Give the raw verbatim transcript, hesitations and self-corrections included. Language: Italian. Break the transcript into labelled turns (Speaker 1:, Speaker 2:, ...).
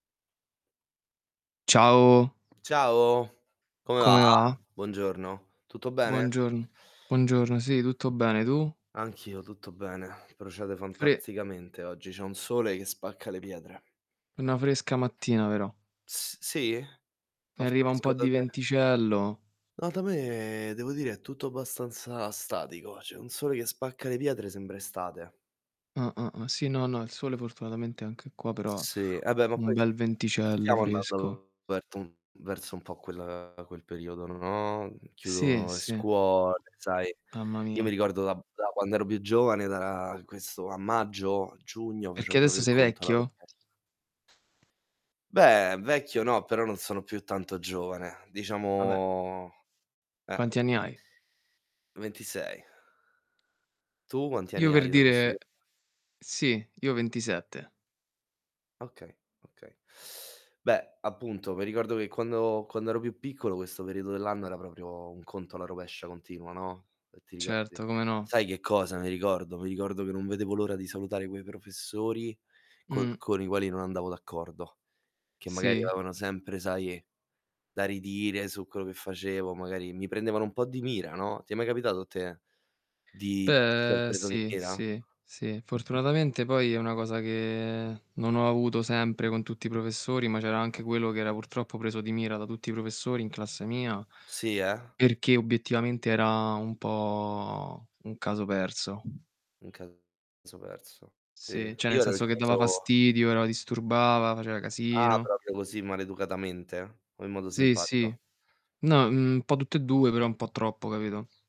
Speaker 1: Ciao.
Speaker 2: Ciao, come va?
Speaker 1: Come va?
Speaker 2: Buongiorno. Tutto bene?
Speaker 1: Buongiorn Buongiorno, sì, tutto bene, tu?
Speaker 2: Anch'io tutto bene. Procede
Speaker 1: Fre
Speaker 2: fantasticamente oggi, c'è un sole che spacca le pietre.
Speaker 1: una fresca mattina però
Speaker 2: S sì?
Speaker 1: mi
Speaker 2: Fa
Speaker 1: arriva un po'
Speaker 2: fresco da
Speaker 1: di
Speaker 2: te?
Speaker 1: venticello.
Speaker 2: No, da me devo dire è tutto abbastanza statico, c'è un sole che spacca le pietre, sembra estate.
Speaker 1: Ah-ah, ah sì, no, no, il sole fortunatamente è anche qua, però
Speaker 2: Sì, ah beh, ma
Speaker 1: un
Speaker 2: poi
Speaker 1: bel venticello
Speaker 2: stiamo
Speaker 1: fresco.
Speaker 2: andando verso un verso un po' quel quel periodo, no, mhmm,
Speaker 1: Sì,
Speaker 2: chiudono le
Speaker 1: sì.
Speaker 2: scuole, sai.
Speaker 1: Mamma
Speaker 2: Io mi
Speaker 1: mia.
Speaker 2: ricordo da da quando ero più giovane, da ra questo a maggio, giugno
Speaker 1: Perché
Speaker 2: facevo propio
Speaker 1: adesso
Speaker 2: il
Speaker 1: sei
Speaker 2: conto alla
Speaker 1: vecchio?
Speaker 2: rovesc Beh, vecchio no, però non sono più tanto giovane.
Speaker 1: Ah beh.
Speaker 2: Diciamo eh.
Speaker 1: Quanti anni hai?
Speaker 2: ventisei. Tu quanti
Speaker 1: Io
Speaker 2: anni
Speaker 1: per
Speaker 2: hai, te lo posso
Speaker 1: dire
Speaker 2: chie
Speaker 1: sì, io ventisette.
Speaker 2: Okay, okay. Beh, appunto, me ricordo che quando quando ero più piccolo questo periodo dell'anno era proprio un conto alla rovescia continuo, no, ehm, ti ricordi?
Speaker 1: Certo, come no.
Speaker 2: Sai che cosa mi ricordo? Mi ricordo che non vedevo l'ora di salutare quei professori col
Speaker 1: Mh.
Speaker 2: con i quali non andavo d'accordo, che magari
Speaker 1: Sì.
Speaker 2: avevano sempre, sai, da ridire su quello che facevo, magari mi prendevano un po' di mira, no, ti è mai capitato a te di esser
Speaker 1: Beh,
Speaker 2: preso di
Speaker 1: sì,
Speaker 2: mira?
Speaker 1: sì, sì. Fortunatamente poi è una cosa che non ho avuto sempre con tutti i professori, ma c'era anche quello
Speaker 2: [unintelligible]
Speaker 1: che era purtroppo preso di mira da tutti i professori in classe mia,
Speaker 2: Sì, eh?
Speaker 1: perché obiettivamente era un po' un caso perso.
Speaker 2: Un caso perso. Sì,
Speaker 1: Sì, cioè nel
Speaker 2: io ero il
Speaker 1: senso che dava
Speaker 2: caso
Speaker 1: fastidio, era disturbava, faceva
Speaker 2: Ah,
Speaker 1: casino.
Speaker 2: propio così maleducatamente o in modo
Speaker 1: Sì,
Speaker 2: simpatico?
Speaker 1: sì. No, mhmm, un po' tutte e due, però un po' troppo, capito?